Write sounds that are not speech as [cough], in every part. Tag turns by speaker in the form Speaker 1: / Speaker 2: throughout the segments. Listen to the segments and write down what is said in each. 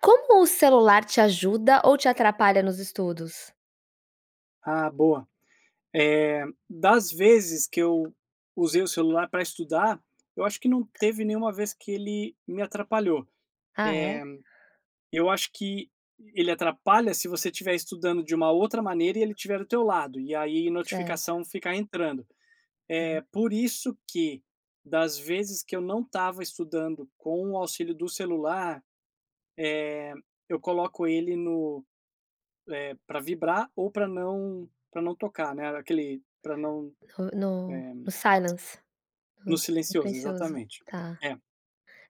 Speaker 1: Como o celular te ajuda ou te atrapalha nos estudos?
Speaker 2: Ah, boa, eh, das vezes que eu usei o celular pra estudar, eu acho que não teve nenhuma vez que ele me atrapalhou,
Speaker 1: Ah é?
Speaker 2: eh, eu acho que ele atrapalha se você estiver estudando de uma outra maneira e ele tiver do teu lado, e aí
Speaker 1: Certo.
Speaker 2: notificação ficar entrando,
Speaker 1: Aham.
Speaker 2: eh, por isso que das vezes que eu não estava estudando com o auxílio do celular, eh, eu coloco ele no eh, pra vibrar ou pra não pra não tocar, né, aquele pra não, eh,
Speaker 1: No no silence
Speaker 2: [clicks tongue]
Speaker 1: no
Speaker 2: no
Speaker 1: s
Speaker 2: silencioso
Speaker 1: silencioso
Speaker 2: exatamente.
Speaker 1: tá.
Speaker 2: É.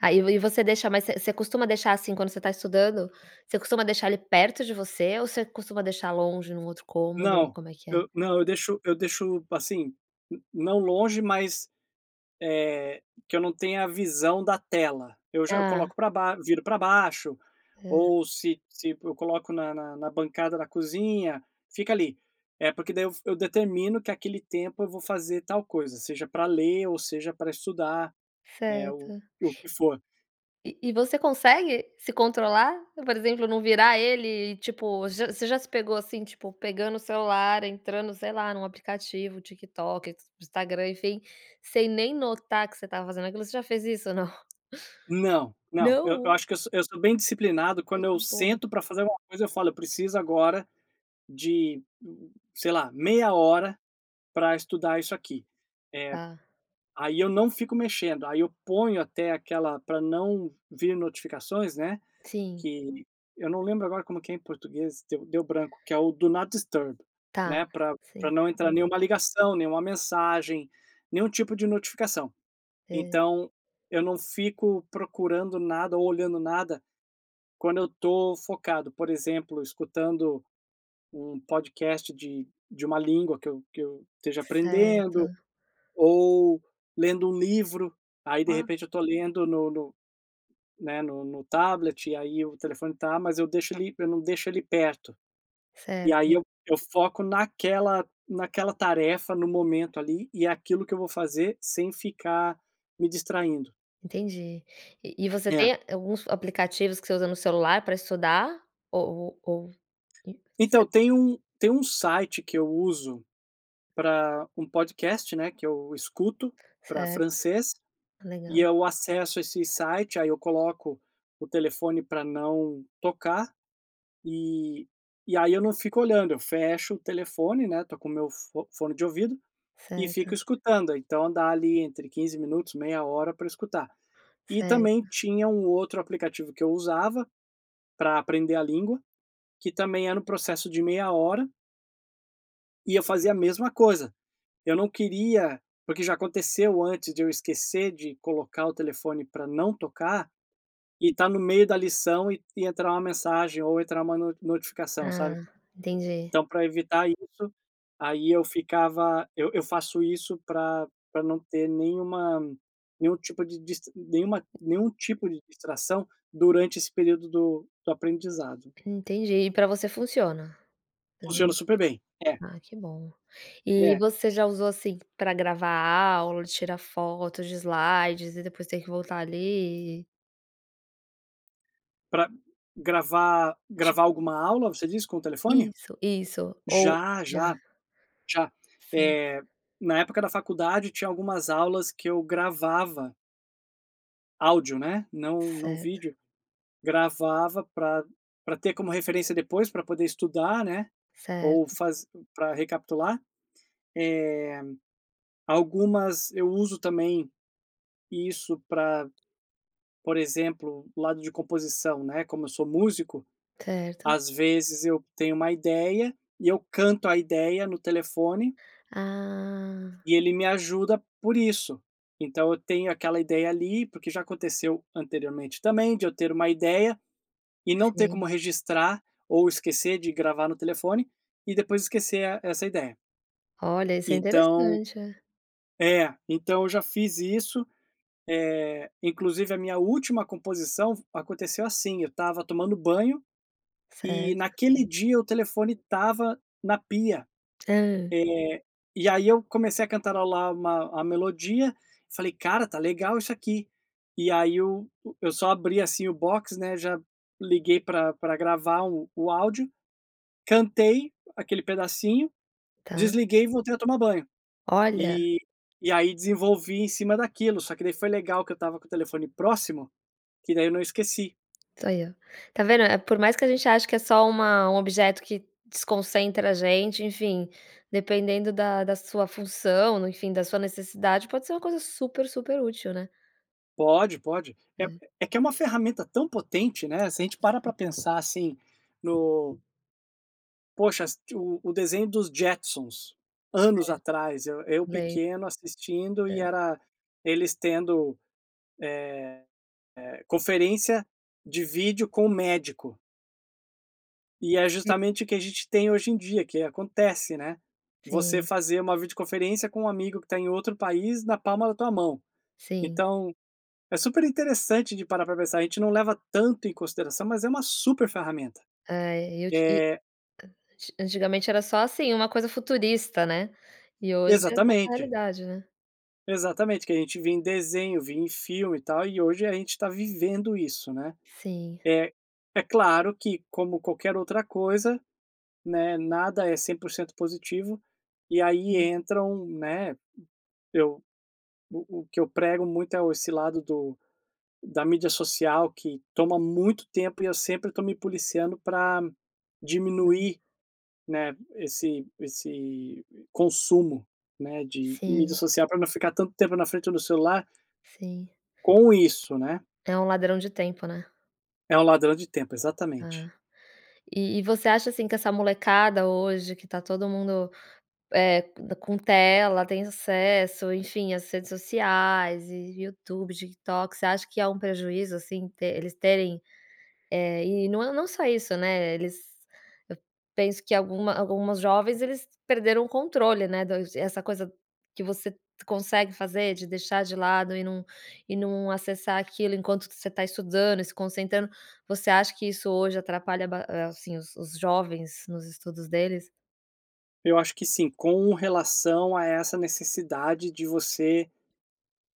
Speaker 1: Aí, e v você deixa, mas você você costuma deixar, assim, quando você está estudando? Você costuma deixar ele perto de você ou você costuma deixar longe num outro cômodo?
Speaker 2: Não,
Speaker 1: Como é que é?
Speaker 2: eu não, eu deixo eu deixo, assim, não longe mas, eh, que eu não tenha a visão da tela, eu já eu
Speaker 1: Ah.
Speaker 2: coloco pra baixo, viro pra baixo
Speaker 1: Hã.
Speaker 2: ou se se eu coloco na na na bancada da cozinha fica ali, é porque daí eu f eu determino que aquele tempo eu vou fazer tal coisa, seja pra ler ou seja pra estudar, eh, o
Speaker 1: Certo.
Speaker 2: que for.
Speaker 1: E e você consegue se controlar? Por exemplo, não virar ele e tipo, vo você já se pegou, assim, tipo, pegando o celular entrando sei lá, num aplicativo, TikTok, Instagram, enfim, sem nem notar que você estava fazendo aquilo, você já fez isso ou não?
Speaker 2: Não, não, eu eu
Speaker 1: Não.
Speaker 2: acho que eu sou eu sou bem disciplinado
Speaker 1: Ai
Speaker 2: quando
Speaker 1: que
Speaker 2: eu
Speaker 1: bom.
Speaker 2: sento pra fazer alguma coisa eu falo: "Eu preciso agora de, sei lá, meia hora pra estudar isso aqui." Eh,
Speaker 1: Tá.
Speaker 2: aí eu não fico mexendo, aí eu ponho até aquela pra não vir notificações, né,
Speaker 1: Sim.
Speaker 2: que eu não lembro agora como que é em português deu deu branco, que é o do not disturb,
Speaker 1: Tá,
Speaker 2: né, pra pra
Speaker 1: sim,
Speaker 2: não entrar
Speaker 1: uhum.
Speaker 2: nenhuma ligação, nenhuma mensagem, nenhum tipo de notificação
Speaker 1: É.
Speaker 2: então, eu não fico procurando nada ou olhando nada quando eu tô focado, por exemplo, escutando um podcast de de uma língua que eu que eu esteja aprendendo,
Speaker 1: Certo.
Speaker 2: ou lendo um livro, aí, de
Speaker 1: Uau.
Speaker 2: repente, eu tô lendo no no né, no no tablet, e aí o telefone tá, mas eu deixo ele eu não deixo ele perto, e aí
Speaker 1: Certo.
Speaker 2: eu eu foco naquela naquela tarefa no momento, ali, e aquilo que eu vou fazer sem ficar me distraindo.
Speaker 1: Entendi. E e você
Speaker 2: É.
Speaker 1: tem alguns aplicativos que você usa no celular pra estudar? Ou ou ou e se
Speaker 2: Então, tem um tem um site que eu uso, para um podcast, né, que eu escuto para
Speaker 1: Certo.
Speaker 2: francês e
Speaker 1: Legal.
Speaker 2: eu acesso esse site, aí eu coloco o telefone para não tocar e e aí eu não fico olhando. Eu fecho o telefone, né, estou com meu fo fone de ouvido e fico
Speaker 1: Certo.
Speaker 2: escutando, então dá ali entre 15 minutos, meia hora para escutar. E também
Speaker 1: Certo.
Speaker 2: tinha um outro aplicativo que eu usava para aprender a língua que também era um processo de meia hora e eu fazia a mesma coisa eu não queria porque já aconteceu antes de eu esquecer de colocar o telefone para não tocar e tá no meio da lição e e entrar uma mensagem ou entrar uma no notificação, sabe?
Speaker 1: Ah, entendi.
Speaker 2: Então para evitar isso aí eu ficava eu eu faço isso pra pra não ter nenhuma nenhum tipo de dist nenhuma nenhum tipo de distração durante esse período do do aprendizado.
Speaker 1: Entendi. E para você funciona?
Speaker 2: Funciona
Speaker 1: Hã,
Speaker 2: super bem, é.
Speaker 1: Ah que bom. E
Speaker 2: É.
Speaker 1: você já usou assim para gravar aula, tirar fotos de slides e depois ter que voltar ali?
Speaker 2: Pra gravar gravar
Speaker 1: Tipo
Speaker 2: alguma aula, você diz, com o telefone?
Speaker 1: isso, isso, ou
Speaker 2: Já
Speaker 1: já.
Speaker 2: já já,
Speaker 1: Sei.
Speaker 2: eh, na época da faculdade tinha algumas aulas que eu gravava áudio, né, não não
Speaker 1: Certo.
Speaker 2: vídeo, gravava pra pra ter como referência depois, pra poder estudar, né, ou
Speaker 1: Certo.
Speaker 2: faz pra recapitular, eh, algumas eu uso também isso pra, por exemplo, o lado de composição, né, como eu sou músico,
Speaker 1: Certo.
Speaker 2: às vezes, eu tenho uma ideia e eu canto a ideia no telefone
Speaker 1: Ah.
Speaker 2: e ele me ajuda por isso, então eu tenho aquela ideia ali, porque já aconteceu anteriormente também de eu ter uma ideia e não ter
Speaker 1: Sim.
Speaker 2: como registrar ou esquecer de gravar no telefone e depois esquecer a e essa ideia.
Speaker 1: Olha, esse é
Speaker 2: Então
Speaker 1: interessante, é.
Speaker 2: É, então eu já fiz isso, eh, inclusive a minha última composição aconteceu assim, eu estava tomando banho e
Speaker 1: Certo.
Speaker 2: naquele dia o telefone estava na pia,
Speaker 1: Hã?
Speaker 2: eh, e aí eu comecei a cantarolar uma a melodia falei: "Cara, tá legal isso aqui." E aí o eu só abri, assim, o box, né, já liguei pra pra gravar o o áudio, cantei aquele pedacinho,
Speaker 1: Tá.
Speaker 2: desliguei e voltei a tomar banho,
Speaker 1: Olha.
Speaker 2: e e aí desenvolvi em cima daquilo, só que daí foi legal que eu estava com o telefone próximo, que daí eu não esqueci.
Speaker 1: Tá ai ó. Ta vendo, eh, por mais que a gente ache que é só uma um objeto que desconcentra a gente, enfim, dependendo da da sua função, enfim, da sua necessidade pode ser uma coisa super super útil, né?
Speaker 2: Pode, pode. É
Speaker 1: É.
Speaker 2: é que é uma ferramenta tão potente, né, se a gente para
Speaker 1: Sim.
Speaker 2: pra pensar, assim, no Poxa, assisti o o desenho dos Jetsons, anos
Speaker 1: Certo.
Speaker 2: atrás, eu eu
Speaker 1: Lem
Speaker 2: pequeno assistindo e
Speaker 1: É.
Speaker 2: era eles tendo, eh eh, conferência de vídeo com um médico. E é
Speaker 1: Si
Speaker 2: justamente o que a gente tem hoje em dia, que acontece, né, você
Speaker 1: Sim.
Speaker 2: fazer uma videoconferência com um amigo que está em outro país na palma da tua mão.
Speaker 1: Sim.
Speaker 2: Então, é super interessante de parar para pensar, a gente não leva tanto em consideração, mas é uma super ferramenta.
Speaker 1: É, eu ti e
Speaker 2: Eh
Speaker 1: anti antigamente era só assim, uma coisa futurista, né, e hoje é nossa
Speaker 2: Exatamente!
Speaker 1: realidade, né.
Speaker 2: Exatamente, o que a gente via em desenho, via em filme e tal, e hoje a gente está vivendo isso, né.
Speaker 1: Sim.
Speaker 2: É é claro que como qualquer outra coisa, né, nada é 100% positivo, e aí
Speaker 1: Sim.
Speaker 2: entram, né, eu o o que eu prego muito é o esse lado do da mídia social que toma muito tempo e eu sempre estou me policiando pra
Speaker 1: Hã.
Speaker 2: diminuir, né, esse esse consumo, né, de mídia
Speaker 1: Sim.
Speaker 2: social pra não ficar tanto tempo na frente do celular
Speaker 1: Sim.
Speaker 2: Com isso, né.
Speaker 1: É um ladrão de tempo, né.
Speaker 2: É um ladrão de tempo, exatamente.
Speaker 1: Ah, e e você acha, assim, que essa molecada hoje que tá todo mundo, é co d com tela, tem acesso, enfim, as redes sociais e, Youtube, TikTok, você acha que é um prejuízo, assim, te eles terem, eh, e não é não só isso, né, eles, eu penso que alguma alguns jovens eles perderam o controle, né, do essa coisa que você consegue fazer de deixar de lado e num e num acessar aquilo enquanto que você está estudando e se concentrando. Você acha que isso hoje atrapalha ba assim, os os jovens nos estudos deles?
Speaker 2: Eu acho que sim, com relação a essa necessidade de você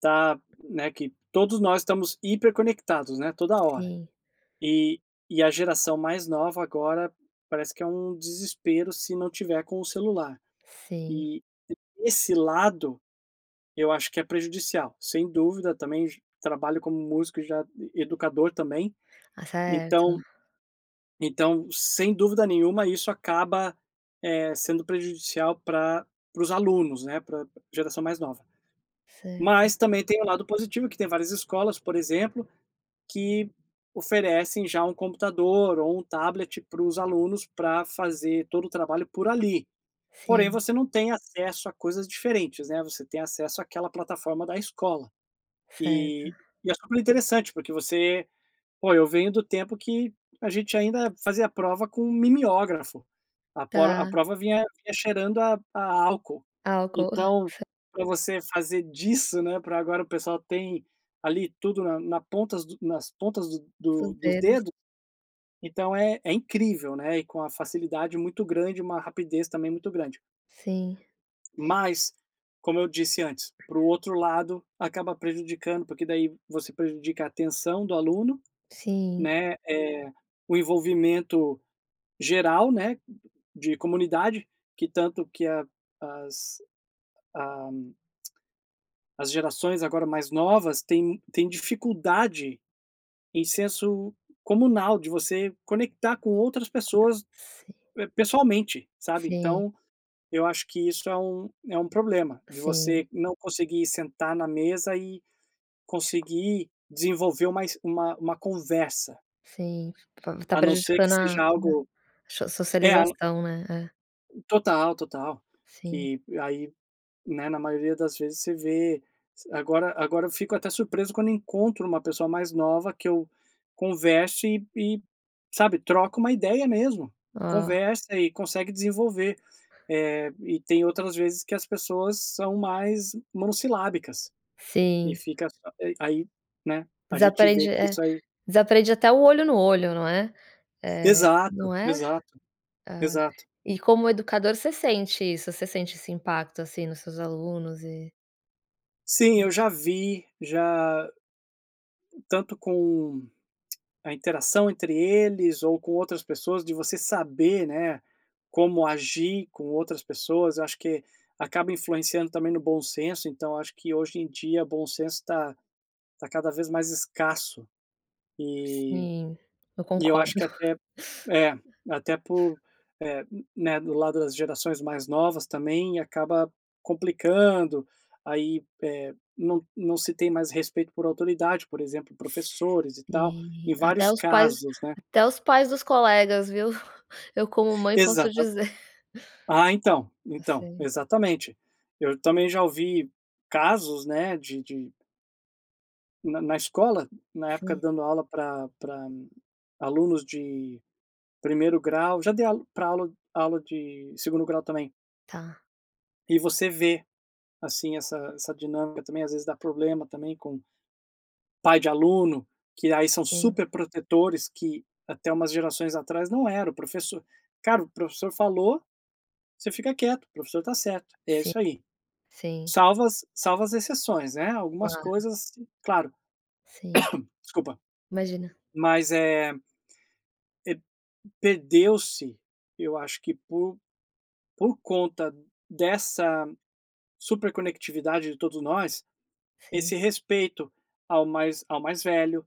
Speaker 2: tá, né, que todos nós estamos hiperconectados, né, toda hora
Speaker 1: Sim.
Speaker 2: e e a geração mais nova agora, parece que é um desespero se não tiver com o celular
Speaker 1: Sim.
Speaker 2: e, esse lado, eu acho que é prejudicial, sem dúvida, também j trabalho como músico, e já e educador também,
Speaker 1: Ah, certo.
Speaker 2: então então, sem dúvida nenhuma, isso acaba, eh, sendo prejudicial pra para os alunos, né, pra geração mais nova,
Speaker 1: Certo.
Speaker 2: mas também, tem o lado positivo que tem várias escolas, por exemplo, que oferecem já um computador ou um tablet para os alunos, pra fazer todo o trabalho por ali, porém
Speaker 1: Sim.
Speaker 2: você não tem acesso a coisas diferentes, né, você tem acesso àquela plataforma da escola e
Speaker 1: Certo.
Speaker 2: e é super interessante, porque você pô, eu venho do tempo que a gente ainda fazia a prova com mimiógrafo, a pro a
Speaker 1: Tá.
Speaker 2: prova vinha vinha cheirando a a álcool.
Speaker 1: Álcool.
Speaker 2: Então,
Speaker 1: [giggles]
Speaker 2: pra você fazer disso, né, pra agora o pessoal tem, ali, tudo na na ponta dos nas pontas
Speaker 1: Dos
Speaker 2: do dos
Speaker 1: dedos.
Speaker 2: dedos, então é é incrível, né, e com a facilidade muito grande, uma rapidez também muito grande.
Speaker 1: Sim.
Speaker 2: Mas, como eu disse antes, para um outro lado, acaba prejudicando, porque daí você prejudica a atenção do aluno,
Speaker 1: Sim.
Speaker 2: né, eh, o envolvimento geral, né, de comunidade, que tanto que a as a [clicks tongue] as gerações agora mais novas têm têm dificuldade em senso comunal, de você conectar com outras
Speaker 1: Com outr
Speaker 2: pessoas,
Speaker 1: Sim.
Speaker 2: eh, pessoalmente, sabe.
Speaker 1: Sim.
Speaker 2: Então, eu acho que isso é um é um problema, de
Speaker 1: Sim.
Speaker 2: você não conseguir sentar na mesa e
Speaker 1: [unintelligible]
Speaker 2: conseguir desenvolver um mais uma uma uma conversa.
Speaker 1: Sim, tá ta
Speaker 2: A não ser que
Speaker 1: prejudicando a a
Speaker 2: seja algo,
Speaker 1: so
Speaker 2: eh
Speaker 1: socialização, né, é.
Speaker 2: Total, total,
Speaker 1: Sim.
Speaker 2: que aí, né, na maioria das vezes você vê, s agora agora eu fico até surpreso quando encontro uma pessoa mais nova que eu converso e e, sabe, troca uma ideia mesmo,
Speaker 1: Hã.
Speaker 2: conversa e consegue desenvolver, eh, e tem outras vezes que as pessoas são mais monossilábicas e
Speaker 1: Sim.
Speaker 2: fica só aí né, a gente
Speaker 1: Desaprende,
Speaker 2: vê que
Speaker 1: é,
Speaker 2: isso aí
Speaker 1: desaprende até o olho no olho, não é, eh, não
Speaker 2: Exato,
Speaker 1: é?
Speaker 2: exato,
Speaker 1: Ah,
Speaker 2: exato.
Speaker 1: e como educador você sente isso, você sente esse impacto, assim, nos seus alunos e
Speaker 2: Sim,
Speaker 1: Co
Speaker 2: eu já vi, já tanto com [clicks tongue] a interação entre eles ou com outras pessoas, de você saber, né, como agir com outras pessoas, eu acho que acaba influenciando também no bom senso. Então, acho que, hoje em dia, o bom senso tá tá cada vez mais escasso, e
Speaker 1: Sim, eu
Speaker 2: e eu
Speaker 1: concordo.
Speaker 2: acho que até é, até
Speaker 1: [laughs]
Speaker 2: por, eh né, do lado das gerações mais novas também acaba complicando aí, eh, não não se tem mais respeito por autoridade, por exemplo, professores e tal,
Speaker 1: Sei,
Speaker 2: em
Speaker 1: até
Speaker 2: vários
Speaker 1: os pais
Speaker 2: casos, né.
Speaker 1: até os pais dos colegas, viu, eu como mãe posso
Speaker 2: Exatam
Speaker 1: dizer.
Speaker 2: ah, então então,
Speaker 1: Sei.
Speaker 2: exatamente, eu também já ouvi casos, né, de de na na escola, na época
Speaker 1: Sim.
Speaker 2: dando aula pra pra alunos de primeiro grau, já dei aula pra aula aula de segundo grau também...
Speaker 1: Tá.
Speaker 2: e você vê, assim, essa essa dinâmica, também, às vezes, dá problema, também, com pai de aluno, que aí são
Speaker 1: Sim.
Speaker 2: superprotetores, que até umas gerações atrás não era, o professor cara o professor falou, você fica quieto, o professor tá certo, é
Speaker 1: Sim,
Speaker 2: isso aí.
Speaker 1: sim.
Speaker 2: Salvas as salva as exceções, né, agumas
Speaker 1: Claro.
Speaker 2: coisas, claro,
Speaker 1: Sim,
Speaker 2: [coughs] desculpa,
Speaker 1: imagina.
Speaker 2: mas é, eh, perdeu-se, eu acho que por por conta dessa super conectividade de todos nós,
Speaker 1: Sim.
Speaker 2: esse respeito ao mais ao mais velho,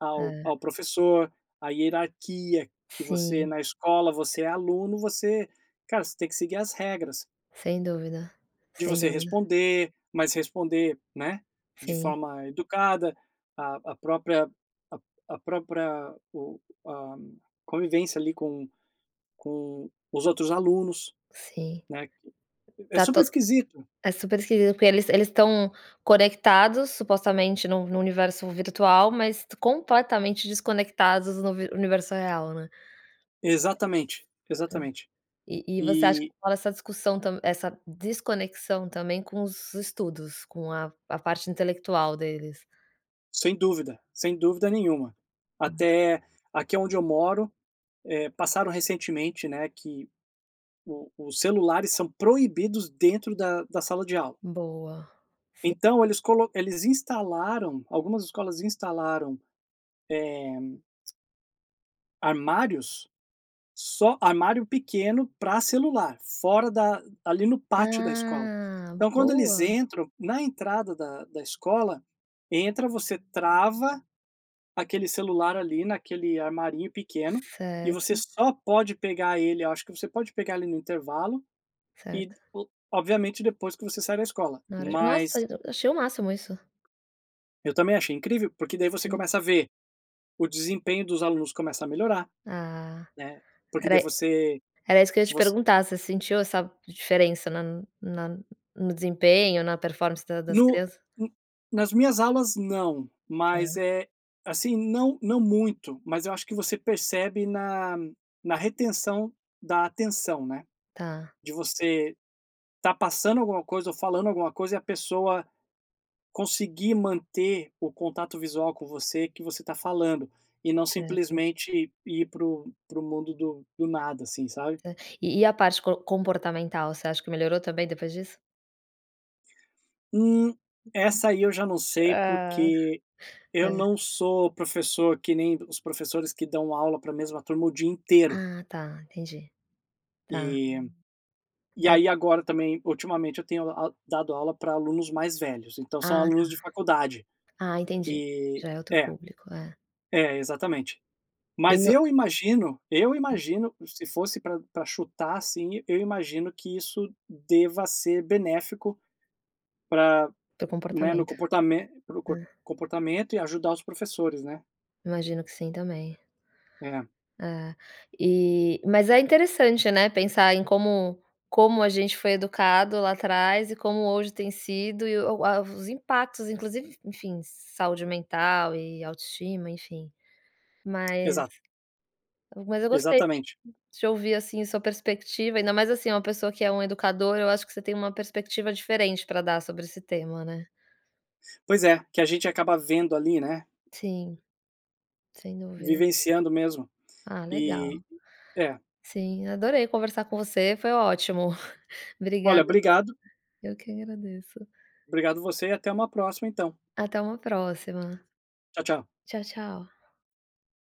Speaker 2: ao
Speaker 1: É.
Speaker 2: ao professor, à hierarquia que você
Speaker 1: Sim.
Speaker 2: na escola você é aluno, você cara, você tem que seguir as regras
Speaker 1: Sem dúvida,
Speaker 2: de
Speaker 1: sem
Speaker 2: você
Speaker 1: dúvida.
Speaker 2: responder, mas responder, né, de
Speaker 1: Sim.
Speaker 2: forma educada a a própria a a própria o a convivência, ali, com com os outros alunos,
Speaker 1: Sim,
Speaker 2: né, que é
Speaker 1: tá
Speaker 2: super
Speaker 1: to
Speaker 2: esquisito.
Speaker 1: é super esquisito, porque eles eles estão conectados, supostamente, num num universo virtual, mas completamente desconectados do un universo real, né.
Speaker 2: Exatamente,
Speaker 1: É,
Speaker 2: exatamente,
Speaker 1: e e você acha que
Speaker 2: e
Speaker 1: rola essa discussão tam essa desconexão, também, com os estudos, com a a parte intelectual deles?
Speaker 2: Sem dúvida, sem dúvida nenhuma,
Speaker 1: [unintelligible]
Speaker 2: até, aqui onde eu moro, eh, passaram recentemente, né, que o os celulares são proibidos dentro da da sala de aula.
Speaker 1: Boa, sim.
Speaker 2: Então, eles colo eles instalaram, algumas escolas instalaram, eh [clicks tongue] Armários? Só armário pequeno pra celular fora da ali no pátio da escola.
Speaker 1: Ah.
Speaker 2: Então quando eles
Speaker 1: Boa.
Speaker 2: entram, na entrada da da escola, entra, você trava aquele celular ali naquele armarinho pequeno, e você
Speaker 1: Certo.
Speaker 2: só pode pegar ele acho que você pode pegar, ali, no intervalo e
Speaker 1: Certo.
Speaker 2: o obviamente depois que você sai da escola
Speaker 1: Na hora de
Speaker 2: mas
Speaker 1: nossa! Achei o máximo isso.
Speaker 2: Eu também achei incrível, porque daí você
Speaker 1: Sim.
Speaker 2: começa a ver, o desempenho dos alunos começa a melhorar,
Speaker 1: Ah.
Speaker 2: né. Porque
Speaker 1: Era
Speaker 2: daí
Speaker 1: i
Speaker 2: você
Speaker 1: era isso que eu ia te
Speaker 2: voc
Speaker 1: perguntar, você sentiu essa diferença na na no desempenho, na performance da das
Speaker 2: No
Speaker 1: criança?
Speaker 2: um nas minhas aulas não. Mas
Speaker 1: Tá.
Speaker 2: é, assim, não não muito. Mas eu acho que você percebe na na retenção da atenção, né.
Speaker 1: Tá.
Speaker 2: De você estar passando alguma coisa ou falando alguma coisa e a pessoa conseguir manter o contato visual com você, que você tá falando, e não
Speaker 1: Certo.
Speaker 2: simplesmente ir pro pro mundo do do nada, assim, sabe?
Speaker 1: Tá. E e a parte co comportamental? Você acha que melhorou também, depois disso?
Speaker 2: Hum, essa aí eu já não sei,
Speaker 1: Hã,
Speaker 2: porque eu
Speaker 1: é.
Speaker 2: não sou professor que nem os professores que dão aula pra mesma turma o dia inteiro.
Speaker 1: Ah tá, entendi. Tá.
Speaker 2: E e
Speaker 1: É.
Speaker 2: aí agora também, ultimamente eu tenho aul dado aula pra alunos mais velhos, então são
Speaker 1: Ah tá.
Speaker 2: alunos de faculdade.
Speaker 1: Ah, entendi.
Speaker 2: E
Speaker 1: Já é outro
Speaker 2: é,
Speaker 1: público, é.
Speaker 2: é, exatamente.
Speaker 1: E
Speaker 2: Mas
Speaker 1: no
Speaker 2: eu imagino eu
Speaker 1: Hum.
Speaker 2: imagino, se fosse pra pra chutar, assim, eu imagino que isso deva ser benéfico pra
Speaker 1: Teu
Speaker 2: né, no
Speaker 1: comportamento.
Speaker 2: comportame pro comp
Speaker 1: Ah.
Speaker 2: comportamento e ajudar os professores, né?
Speaker 1: Imagino que sim também.
Speaker 2: É.
Speaker 1: É, e mas é interessante, né, pensar em como como a gente foi educado lá atrás e como hoje tem sido e o a os impactos inclusive en enfim, saúde mental e autoestima, enfim. Mas
Speaker 2: Exato.
Speaker 1: mas eu gostei
Speaker 2: Exatamente.
Speaker 1: de ouvir, assim, sua perspectiva, ainda mais, assim, uma pessoa que é um educador, eu acho que você tem uma perspectiva diferente pra dar sobre esse tema, né?
Speaker 2: Pois é, que a gente acaba vendo, ali, né?
Speaker 1: Sim, sem dúvida.
Speaker 2: Vivenciando mesmo.
Speaker 1: Ah legal.
Speaker 2: E, é.
Speaker 1: Sim, adorei conversar com você, foi ótimo.
Speaker 2: Olha,
Speaker 1: Obrigada, viu.
Speaker 2: obrigado.
Speaker 1: Eu que agradeço.
Speaker 2: Obrigado você, e até uma próxima então.
Speaker 1: Até uma próxima.
Speaker 2: Tchau, tchau.
Speaker 1: Tchau, tchau.